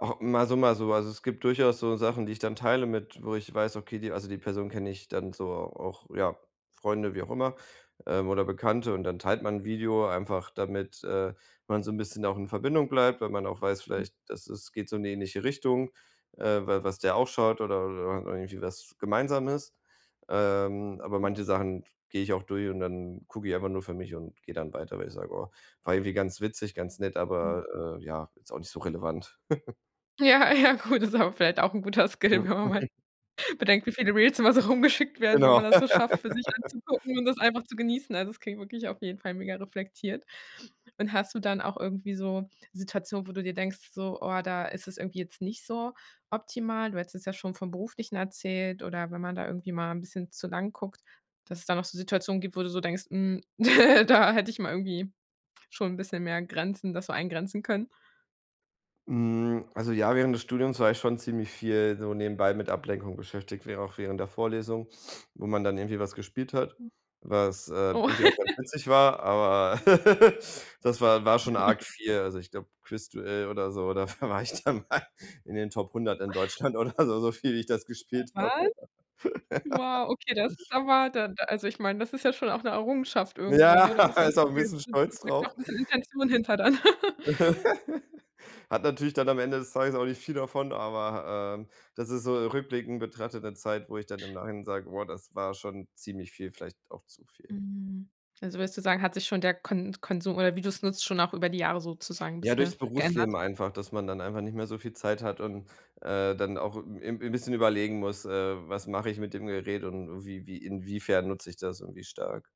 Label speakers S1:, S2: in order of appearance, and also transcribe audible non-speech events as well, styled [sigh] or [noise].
S1: Ah, mal so, mal so, also es gibt durchaus so Sachen, die ich dann teile mit wo ich weiß, okay die also, die Person kenne ich dann so auch, ja, Freunde, wie auch immer, ähm, oder Bekannte und dann teilt man 'n Video einfach, damit, äh, man so 'n bisschen auch in Verbindung bleibt, weil man auch weiß
S2: Hm.
S1: vielleicht, das ist geht so in die ähnliche Richtung, äh, weil was der auch schaut oder oder und irgendwie was Gemeinsames, ähm, aber
S2: Hm.
S1: manche Sachen gehe ich auch durch und dann gucke ich einfach nur für mich und gehe dann weiter, weil ich sage: „Oh, war irgendwie ganz witzig, ganz nett,
S2: Mhm.
S1: aber, äh, ja, ist auch nicht so relevant.“ [chuckles]
S2: Ja, ja, cool, das ist aber vielleicht auch 'n guter Skill,
S1: Ja.
S2: wenn man mal
S1: [chuckles]
S2: bedenkt, wie viele Reels immer so rumgeschickt werden, wenn
S1: Genau.
S2: man das so schafft, für sich
S1: [laughs]
S2: anzugucken und das einfach zu genießen. Also, es klingt wirklich auf jeden Fall mega reflektiert. Und hast du dann auch irgendwie so Situationen, wo du dir denkst so, oh, da ist es irgendwie jetzt nicht so optimal? Du hättest es ja schon von Beruflichen erzählt oder wenn man da irgendwie mal 'n bisschen zu lang guckt, dass es da noch so Situationen gibt, wo du so denkst: „Hm, [giggles] da hätte ich mal irgendwie schon 'n bisschen mehr Grenzen das so eingrenzen können.“
S1: Hm, also ja, während des Studiums war ich schon ziemlich viel so nebenbei mit Ablenkung beschäftigt, wäre auch während der Vorlesung, wo man dann irgendwie was gespielt hat,
S2: Hm.
S1: was, äh,
S2: Oh.
S1: irgendwie auch ganz
S2: [giggles]
S1: witzig war, aber [giggles] das war war schon arg
S2: [chuckles]
S1: viel, also ich glaube Quiz-Duell oder so, da war ich dann mal in den Top 100 n Deutschland oder so, so viel wie ich das
S2: [unintelligible]
S1: gespielt habe.
S2: Wahl?
S1: [giggles]
S2: Wow, okay, das ist aber dann da also, ich meine, das ist ja schon auch 'ne Errungenschaft irgendwo,
S1: Ja,
S2: ne, da muss
S1: [laughs]
S2: man
S1: ist auch
S2: [unintelligible]
S1: 'n bisschen stolz
S2: steckt auch
S1: drauf.
S2: 'n bisschen Intention hinter dann. [giggles]
S1: [giggles] Hat natürlich dann am Ende des Tages auch nicht viel davon, aber, ähm, das ist so rückblickend betrachtet 'ne Zeit, wo ich dann im Nachhinein sage: „Boah, das war schon ziemlich viel, vielleicht auch zu viel.“
S2: Hm, also willst du sagen, hat sich schon der Kon Konsum oder wie du's nutzt, schon auch über die Jahre sozusagen
S1: Ja, durchs
S2: bisschen geändert?
S1: Berufsleben einfach, dass man dann einfach nicht mehr so viel Zeit hat und, äh, dann auch 'n 'n bisschen überlegen muss: „Äh, was mache ich mit dem Gerät und und wie wie inwiefern nutze ich das irgendwie stark?"